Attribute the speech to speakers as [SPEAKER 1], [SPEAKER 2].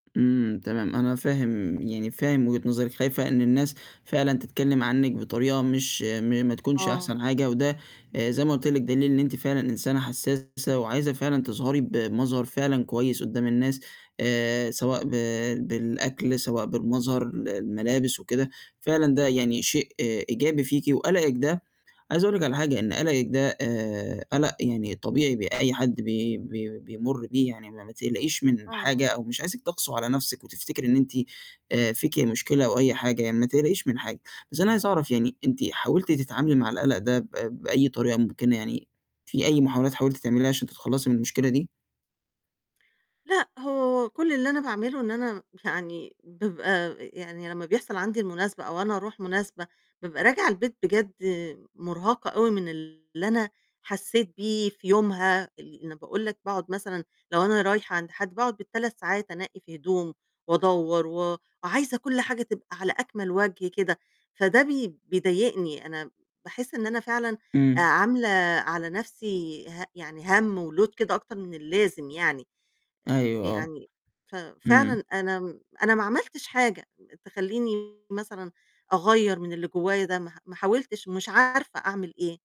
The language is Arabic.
[SPEAKER 1] إمم، تمام. أنا فاهم يعني فاهم وجهة نظرِك، خايفة إن الناس فعلًا تتكلم عنِّك بطريقة مش م ما تكونش
[SPEAKER 2] آه.
[SPEAKER 1] أحسن حاجة، وده آآ زي ما قُلت لِك، دليل إن أنتِ فعلًا إنسانة حسّاسة وعايزة فعلًا تظهري بمظهر فعلًا كويس قدّام الناس، آآ سواء ب بالأكل، سواء بالمظهر، ال الملابس وكده، فعلًا ده يعني شيء إيجابي فيكِ، وقلقِك ده عايز أقول لِك على حاجة، إن قلَقِك ده آآ قلَق يعني طبيعي، بي أي حد بي بي بيمُر بيه، يعني ما ما تقلقيش من
[SPEAKER 2] آه.
[SPEAKER 1] حاجة، أو مش عايزِك تَقسو على نفسِك، وتفتكري إن أنتِ آآ فيكِ مشكلة أو أي حاجة، يعني ما تقلقيش من حاجة، بس أنا عايز أعرف يعني أنتِ حاولتِ تتعاملي مع القلَق ده ب بأي طريقة مُمكنة، يعني في أي محاولات حاولتِ تعمليها، عشان تتخلّصي من المشكلة دي؟
[SPEAKER 2] لأ، هو كُلّ اللي أنا باعمله إن أنا م يعني بابقى آآ يعني لمّا بيحصل عندي المناسبة أو أنا أروح مناسبة، بابقى راجعة البيت بجد مُرهَقة أوي من اللي أنا حسّيت بيه في يومها. اللي أنا باقول لك باقعد مثلًا لو أنا رايحة عند حد باقعُد بال3 ساعات أنقّي في هدوم، وأدوّر، و عايزة كل حاجة تبقى على أكمَل وَجه كده، فده بي بيضايقني، أنا باحس إن أنا فعلًا آآ
[SPEAKER 1] امم.
[SPEAKER 2] عاملة على نفسي ه يعني هَم وload كده أكتر من اللازم يعني،
[SPEAKER 1] أيوه، آه.
[SPEAKER 2] فيعني ف فعلًا
[SPEAKER 1] امم.
[SPEAKER 2] أنا أنا ما عملتش حاجة تخلّيني مثلًا أغيّر من اللي جوّايا ده، ما ما حاولتش ومش عارفة أعمل إيه.